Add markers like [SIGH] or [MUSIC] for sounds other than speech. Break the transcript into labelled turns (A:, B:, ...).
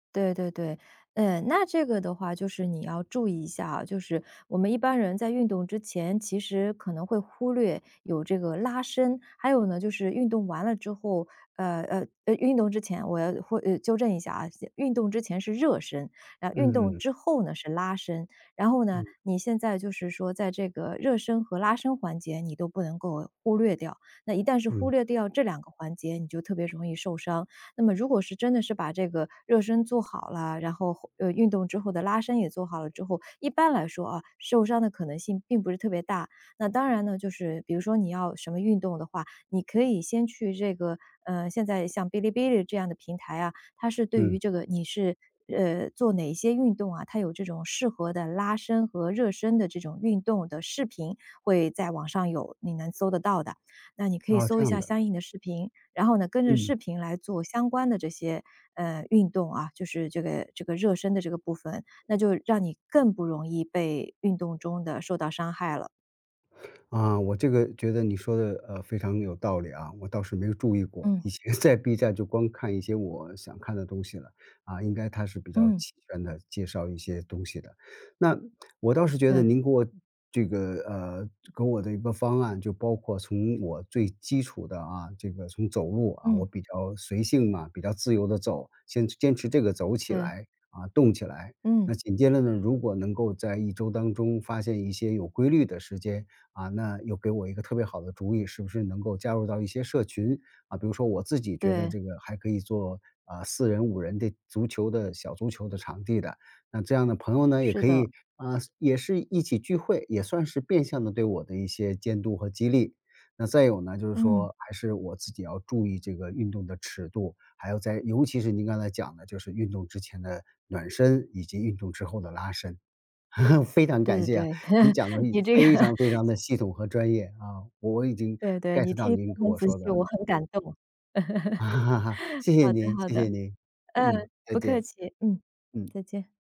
A: 对对对，嗯，那这个的话，就是你要注意一下啊，就是我们一般人在运动之前，其实可能会忽略有这个拉伸，还有呢，就是运动完了之后呃，呃，呃，运动之前我要会呃，纠正一下啊，先运动之前是热身，然运动
B: 嗯。
A: 之后呢，是拉伸。然后呢，
B: 嗯。
A: 你现在就是说在这个热身和拉伸环节你都不能够忽略掉，那一旦是忽
B: 嗯。
A: 略掉这两个环节你就特别容易受伤。那么如果是真的是把这个热身做好了，然后，呃，运动之后的拉伸也做好了之后，一般来说，啊，受伤的可能性并不是特别大。那当然呢，就是比如说你要什么运动的话，你可以先去这个呃，现在像哔哩哔哩这样的平台啊，它是对于
B: 嗯。
A: 这个你是，呃，做哪一些运动啊，它有这种适合的拉伸和热身的这种运动的视频，会在网上有，你能搜得到的，那你可以
B: 啊，
A: 搜
B: 这
A: 一
B: 样
A: 下
B: 的。
A: 相应的视频，然后呢，跟着
B: 嗯。
A: 视频来做相关的这些，呃，运动啊，就是这个这个热身的这个部分，那就让你更不容易被运动中的受到伤害了。
B: 啊，我这个觉得你说的，呃，非常有道理啊，我倒是没有注意过。
A: 嗯。
B: 以前在 B 站就光看一些我想看的东西了，啊，应该它是比较
A: 嗯。
B: 齐全地介绍一些东西的。那，我倒是觉得
A: 对。
B: 您给我这个呃，给我的一个方案，就包括从我最基础的啊，这个从走路，啊，我
A: 嗯。
B: 比较随性嘛，比较自由地走，坚持坚持这个走起
A: 对。
B: 来，啊，动起来。
A: 嗯。
B: 那紧接着呢，如果能够在一周当中发现一些有规律的时间，啊，那又给我一个特别好的主意，是不是能够加入到一些社群。啊，比如说我自己觉得
A: 对。
B: 这个还可以做，啊，4人、5人的足球的小足球的场地的，那这样的朋友呢，也
A: 是
B: 可
A: 的。
B: 以，啊，也是一起聚会，也算是变相地对我的一些监督和激励。那再有呢，就是
A: 嗯。
B: 说还是我自己要注意这个运动的尺度，还有在尤其是您刚才讲的，就是运动之前的暖身以及运动之后的拉伸，[CHUCKLES] 非常
A: 对
B: 感
A: 对
B: 谢啊，
A: 对，
B: 您讲得
A: [CHUCKLES] 你
B: 已
A: 这个
B: 非常非常的系统和专业，啊，我已经
A: 对对，你
B: get 到
A: 听
B: 您
A: 得
B: 跟
A: 很
B: 我
A: 仔
B: 说
A: 细，
B: 的了。
A: 我很感动。
B: [CHUCKLES]
A: [CHUCKLES]
B: 谢谢
A: 好的
B: 您
A: 好
B: 谢
A: 的，
B: 谢您，嗯，
A: 嗯，
B: 再
A: 不客
B: 见。
A: 气，嗯，
B: 嗯。
A: 再见。